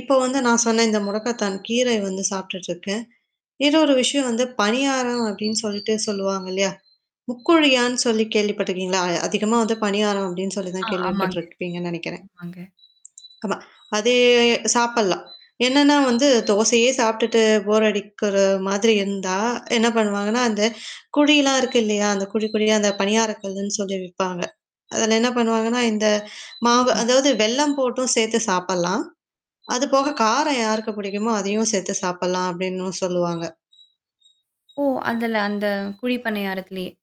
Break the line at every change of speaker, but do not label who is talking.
இப்போ வந்து நான் சொன்ன இந்த முடக்கத்தான் கீரை வந்து சாப்ட்டுட்டு இருக்கேன். இன்னொரு விஷயம் வந்து பணியாரம் அப்பிடின்னு சொல்லிட்டு சொல்வாங்க இல்லயா! முக்குழியான்னு சொல்லி கேள்வி பட்டுருக்கீங்களா? அ அதிகமா வந்து பணியாரம் அப்பிடின்னு சொல்லி தான்
ஆ,
கேள்வி
ஆமாங்க
பட்டுருப்பீங்கன்னு நெனக்கிறேன்.
ஆமாங்க.
ஆமா, அதே சாப்புட்லாம் என்னன்னா வந்து தோசையே சாப்பிட்டுட்டு போர் அடிக்கிற அ மாதிரி இருந்தா என்ன பண்ணுவாங்கன்னா, அந்த குழிலாம் இருக்கு இல்லயா! அந்த குழி குழியா? அந்த பணியார கல்லுன்னு சொல்லி விப்பாங்க. அதில என்ன பண்ணுவாங்கன்னா இந்த மாவு
ம்.
அதாவது வெல்லம் போட்டும் சேத்து சாப்புட்லாம். அது போக, காரம் யாருக்கு பிடிக்குமோ, அதையும் சேத்து சாப்புட்லாம் அப்பிடின்னும் சொல்லுவாங்க
ஓ! அதுல அந்த குழிப்பணியாரத்திலயே!